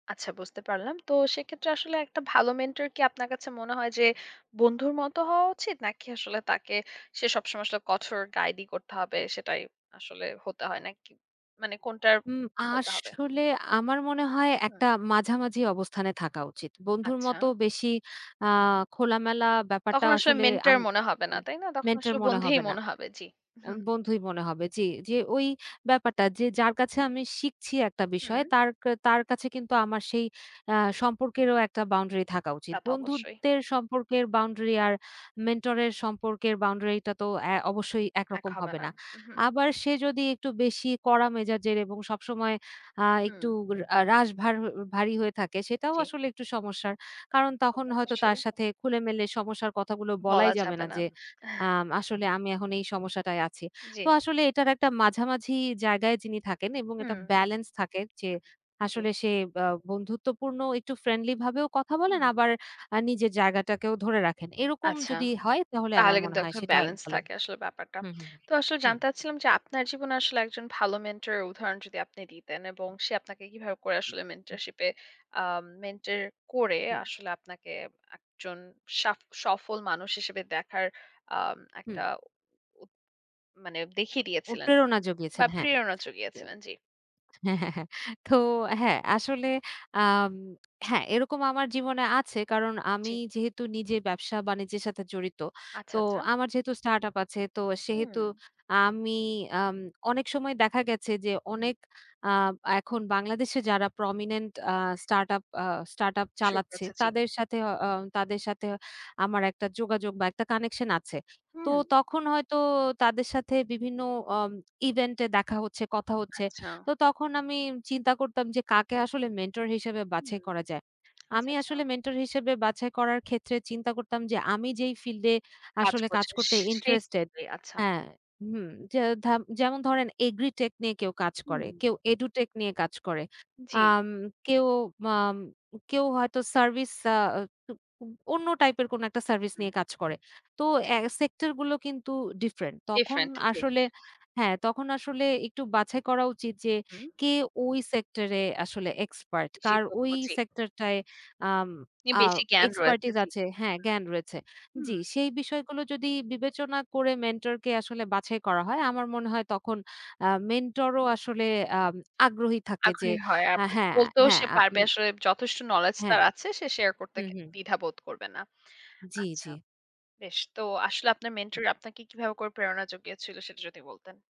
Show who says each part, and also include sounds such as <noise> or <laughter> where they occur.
Speaker 1: আচ্ছা, বুঝতে পারলাম। তো সেক্ষেত্রে আসলে একটা ভালো মেন্টর কি আপনার কাছে মনে হয় যে বন্ধুর মত হওয়া উচিত? নাকি আসলে তাকে সে সবসময় আসলে কঠোর গাইডই করতে হবে সেটাই, আসলে হতে হয় নাকি? মানে কোনটার
Speaker 2: হুম,
Speaker 1: হতে হবে?
Speaker 2: আসলে আমার মনে হয়
Speaker 1: হুম।
Speaker 2: একটা মাঝামাঝি অবস্থানে থাকা উচিত। বন্ধুর মতো
Speaker 1: আচ্ছা।
Speaker 2: বেশি আ খোলামেলা ব্যাপারটা
Speaker 1: তখন আসলে
Speaker 2: আসলে
Speaker 1: মেন্টর
Speaker 2: আম
Speaker 1: মনে হবে না। তাই না? তখন
Speaker 2: মেন্টর
Speaker 1: আসলে
Speaker 2: মনে
Speaker 1: বন্ধুই
Speaker 2: হবে না।
Speaker 1: মনে হবে জি।
Speaker 2: আম
Speaker 1: হুম।
Speaker 2: বন্ধুই মনে হবে। জি, জি ঐ ব্যাপারটা যে যার কাছে আমি শিখছি একটা বিষয়
Speaker 1: হুম।
Speaker 2: তার কা তার কাছে কিন্তু আমার সেই আ সম্পর্কেরও একটা বাউন্ডারি থাকা উচিত।
Speaker 1: তা তো অবশ্যই।
Speaker 2: বন্ধুত্বের সম্পর্কের বাউন্ডারি আর মেন্টরের সম্পর্কের বাউন্ডারিটা তো অ্যা অবশ্যই
Speaker 1: এক
Speaker 2: একরকম
Speaker 1: হবে
Speaker 2: হবে
Speaker 1: না,
Speaker 2: না।
Speaker 1: উহুম।
Speaker 2: আবার সে যদি একটু বেশি কড়া মেজাজের এবং সবসময় আ একটু
Speaker 1: হুম।
Speaker 2: উর রাস ভার ভারী হয়ে থাকে সেটাও
Speaker 1: জি।
Speaker 2: আসলে একটু সমস্যার কারণ তখন হয়তো
Speaker 1: অবশ্যই।
Speaker 2: তার সাথে খুলে-মেলে সমস্যার কথাগুলো বলাই
Speaker 1: বলা
Speaker 2: যাবে
Speaker 1: যাবে
Speaker 2: না।
Speaker 1: না।
Speaker 2: যে আম
Speaker 1: <chuckles>
Speaker 2: "আসলে আমি এখন এই সমস্যাটায় আছি।" তো
Speaker 1: জি।
Speaker 2: আসলে এটার একটা মাঝামাঝি জায়গায় যিনি থাকেন এবং একটা
Speaker 1: হুম।
Speaker 2: বেলেন্স থাকে যে
Speaker 1: জি।
Speaker 2: আসলে সে ব্য বন্ধুত্বপূর্ণ একটু ফ্রেন্ডলি ভাবেও কথা বলেন,
Speaker 1: হুম।
Speaker 2: আবার আ নিজের জায়গাটাকেও ধরে রাখেন। এরকম
Speaker 1: আচ্ছা।
Speaker 2: যদি হয় তাহলে আমার
Speaker 1: তাহলে
Speaker 2: মনে
Speaker 1: কিন্তু এক
Speaker 2: হয়
Speaker 1: ধরণের
Speaker 2: সেটাই
Speaker 1: বেলেন্স
Speaker 2: ভালো
Speaker 1: থাকে আসলে ব্যাপারটা।
Speaker 2: হুম, হুম।
Speaker 1: তো আসলে
Speaker 2: হুম।
Speaker 1: জানতে চাচ্ছিলাম যে আপনার জীবনে আসলে একজন ভালো মেন্টর এর উদাহরণ যদি আপনি দিতেন এবং সে আপনাকে কিভাবে করে আসলে মেন্টরশিপে আ মেন্টর করে আসলে আপনাকে একজন সাফ সফল মানুষ হিসেবে দেখার আ
Speaker 2: হুম।
Speaker 1: একটা। মানে দেখিয়ে
Speaker 2: ও!
Speaker 1: দিয়েছিলেন।
Speaker 2: প্রেরণা
Speaker 1: বা
Speaker 2: জোগিয়েছেন, হ্যাঁ।
Speaker 1: প্রেরণা যুগিয়েছিলেন জি।
Speaker 2: হ্যাঁ, হ্যাঁ। তো হ্যাঁ আসলে আ হ্যাঁ, এরকম আমার জীবনে আছে। কারণ
Speaker 1: জি।
Speaker 2: আমি যেহেতু নিজের ব্যবসা বাণিজ্যের সাথে জড়িত।
Speaker 1: আচ্ছা,
Speaker 2: তো
Speaker 1: আচ্ছা।
Speaker 2: আমার যেহেতু স্টার্টআপ আছে তো সেহেতু
Speaker 1: হুম।
Speaker 2: আমি আম অনেক সময় দেখা গেছে যে
Speaker 1: হুম।
Speaker 2: অনেক আ এখন বাংলাদেশে যারা prominent আ startup আ startup
Speaker 1: শুরু
Speaker 2: চালাচ্ছে,
Speaker 1: করেছে জি।
Speaker 2: তাদের সাথে অ অ তাদের সাথে আমার একটা যোগাযোগ বা একটা কানেকশন আছে। তো
Speaker 1: হুম।
Speaker 2: তখন হয়তো তাদের সাথে বিভিন্ন ওম ইভেন্টে দেখা হচ্ছে, কথা হচ্ছে।
Speaker 1: আচ্ছা।
Speaker 2: তো তখন আমি চিন্তা করতাম যে, "কাকে আসলে মেন্টর হিসেবে বাছাই
Speaker 1: হুম।
Speaker 2: করা যায়?"
Speaker 1: আচ্ছা,
Speaker 2: আমি
Speaker 1: আচ্ছা।
Speaker 2: আসলে মেন্টর হিসেবে বাছাই করার ক্ষেত্রে চিন্তা করতাম যে, আমি যেই ফিল্ডে
Speaker 1: কাজ
Speaker 2: আসলে কাজ
Speaker 1: করছে।
Speaker 2: করতে ইন্টারেস্টেড
Speaker 1: সেইভাবে আচ্ছা।
Speaker 2: হ্যাঁ। হুম, যে ধাপ যেমন ধরেন agritech নিয়ে কেউ কাজ
Speaker 1: হুম।
Speaker 2: করে, কেউ edutech নিয়ে কাজ করে।
Speaker 1: জি।
Speaker 2: আম কেউ আম কেউ হয়তো সার্ভিস আ টু উম অন্য টাইপ এর কোনো একটা সার্ভিস
Speaker 1: হুম
Speaker 2: নিয়ে কাজ করে। তো এ সেক্টর গুলো কিন্তু ডিফরেন্ট। তখন
Speaker 1: ডিফরেন্ট জি।
Speaker 2: আসলে হ্যাঁ, তখন আসলে একটু বাছাই করা উচিত যে
Speaker 1: হুম।
Speaker 2: কে ওই সেক্টরে আসলে এক্সপার্ট? কার
Speaker 1: নিষিদ্ধ
Speaker 2: ওই
Speaker 1: খোঁজে।
Speaker 2: সেক্টর টায় আম আ
Speaker 1: বেশি জ্ঞান রয়েছে
Speaker 2: expertise
Speaker 1: জি।
Speaker 2: আছে হ্যাঁ, জ্ঞান রয়েছে।
Speaker 1: হুম, হুম।
Speaker 2: জি, সেই বিষয়গুলো যদি বিবেচনা করে মেন্টরকে আসলে বাছাই করা হয়, আমার মনে হয় তখন আ মেন্টর ও আসলে আ আগ্রহী থাকে যে
Speaker 1: আগ্রহী হয়।
Speaker 2: আ
Speaker 1: আপনাকে
Speaker 2: হ্যাঁ,
Speaker 1: বলতেও
Speaker 2: হ্যাঁ।
Speaker 1: সে
Speaker 2: আ
Speaker 1: পারবে
Speaker 2: উম
Speaker 1: আসলে, যথেষ্ট নলেজ
Speaker 2: হ্যাঁ।
Speaker 1: তার আছে সে শেয়ার করতে
Speaker 2: হুম,
Speaker 1: কে
Speaker 2: হুম।
Speaker 1: দ্বিধা বোধ করবে না।
Speaker 2: জি,
Speaker 1: আচ্ছা।
Speaker 2: জি।
Speaker 1: বেশ। তো আসলে আপনার মেন্টর আপনাকে কিভাবে করে প্রেরণা যোগিয়েছিল সেটা যদি বলতেন?